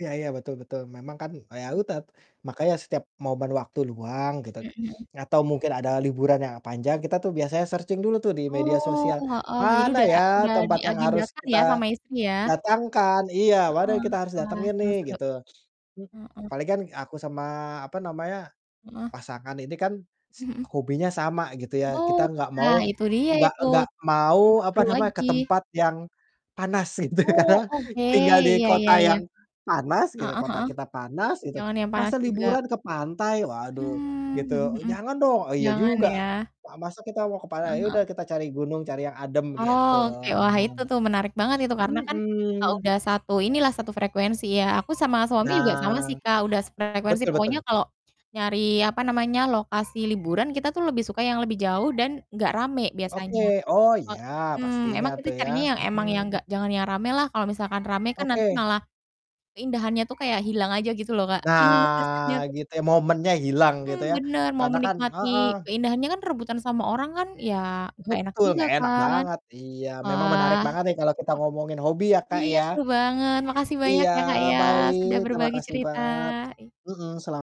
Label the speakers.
Speaker 1: Iya iya, betul betul. Memang kan e ya udah, makanya setiap momen waktu luang, gitu.
Speaker 2: Mhm mhm.
Speaker 1: Atau mungkin ada liburan yang panjang, kita tuh biasanya searching dulu tuh di media
Speaker 2: Oh,
Speaker 1: sosial,
Speaker 2: heeh. Jadi
Speaker 1: "Mana
Speaker 2: udah
Speaker 1: ya
Speaker 2: udah di
Speaker 1: tempat yang harus
Speaker 2: agendakan
Speaker 1: kita
Speaker 2: ya sama istri ya?
Speaker 1: datangkan?" Iya, "mana yang
Speaker 2: Heeh.
Speaker 1: kita harus
Speaker 2: Wah,
Speaker 1: datengin
Speaker 2: seru
Speaker 1: nih?"
Speaker 2: seru.
Speaker 1: Gitu.
Speaker 2: Mhm.
Speaker 1: Palingan, eee, aku sama apa namanya,
Speaker 2: Heeh.
Speaker 1: pasangan ini kan,
Speaker 2: Mhm.
Speaker 1: hobinya sama gitu ya.
Speaker 2: Oh.
Speaker 1: Kita nggak
Speaker 2: Nah
Speaker 1: mau,
Speaker 2: itu dia
Speaker 1: nggak
Speaker 2: itu!
Speaker 1: nggak mau
Speaker 2: Tambah
Speaker 1: apa
Speaker 2: seru
Speaker 1: namanya, ke
Speaker 2: lagi.
Speaker 1: tempat yang panas gitu
Speaker 2: Oh,
Speaker 1: karena,
Speaker 2: oke.
Speaker 1: tinggal di
Speaker 2: Iya iya
Speaker 1: kota
Speaker 2: iya.
Speaker 1: yang panas gitu,
Speaker 2: Heeh
Speaker 1: kota
Speaker 2: heeh.
Speaker 1: kita panas gitu,
Speaker 2: Jangan yang panas
Speaker 1: "Masa
Speaker 2: juga.
Speaker 1: liburan ke pantai!" Waduh.
Speaker 2: Mhm
Speaker 1: Gitu.
Speaker 2: mhm
Speaker 1: "E
Speaker 2: mhm.
Speaker 1: jangan dong!" "E iya
Speaker 2: Jangan
Speaker 1: juga,
Speaker 2: ya.
Speaker 1: pa masa kita mau ke
Speaker 2: Heeh,
Speaker 1: pantai, ya udah
Speaker 2: heeh.
Speaker 1: kita cari gunung, cari yang adem." Gitu
Speaker 2: Oh, oke. Wah
Speaker 1: ang
Speaker 2: itu tuh menarik banget itu. Karena kan, kalau
Speaker 1: mhm.
Speaker 2: udah satu inilah satu frekuensi ya. Aku sama suami juga sama sih
Speaker 1: Nah.
Speaker 2: Kak, udah sefrekuensi
Speaker 1: Betul
Speaker 2: pokoknya
Speaker 1: betul.
Speaker 2: kalau nyari apa namanya, lokasi liburan kita tuh lebih suka yang lebih jauh dan gak rame
Speaker 1: Oke.
Speaker 2: biasanya.
Speaker 1: Oh iya,
Speaker 2: Mhm.
Speaker 1: pastinya
Speaker 2: Emang kita
Speaker 1: tuh ya.
Speaker 2: carinya yang, emang yang
Speaker 1: Mhm.
Speaker 2: gak jangan yang rame lah, kalau misalkan rame kan nanti
Speaker 1: Oke.
Speaker 2: malah keindahannya tuh kayak hilang aja, gitu loh Kak. Rasanya
Speaker 1: Nah,
Speaker 2: tuh
Speaker 1: gitu ya momennya hilang,
Speaker 2: Mmm,
Speaker 1: gitu ya.
Speaker 2: bener! Mau
Speaker 1: Karena kan
Speaker 2: menikmati
Speaker 1: heeh.
Speaker 2: keindahannya kan rebutan sama orang kan, ya gak enak
Speaker 1: Betul,
Speaker 2: juga
Speaker 1: gak enak
Speaker 2: kan!
Speaker 1: banget, iya. Memang menarik
Speaker 2: Wah.
Speaker 1: banget nih kalau kita ngomongin hobi ya
Speaker 2: M
Speaker 1: Kak
Speaker 2: iya,
Speaker 1: ya.
Speaker 2: seru banget. Makasih banyak
Speaker 1: Iya,
Speaker 2: ya Kak ya,
Speaker 1: baik,
Speaker 2: sudah
Speaker 1: terima
Speaker 2: berbagi
Speaker 1: kasih
Speaker 2: cerita.
Speaker 1: banyak, mhm, sela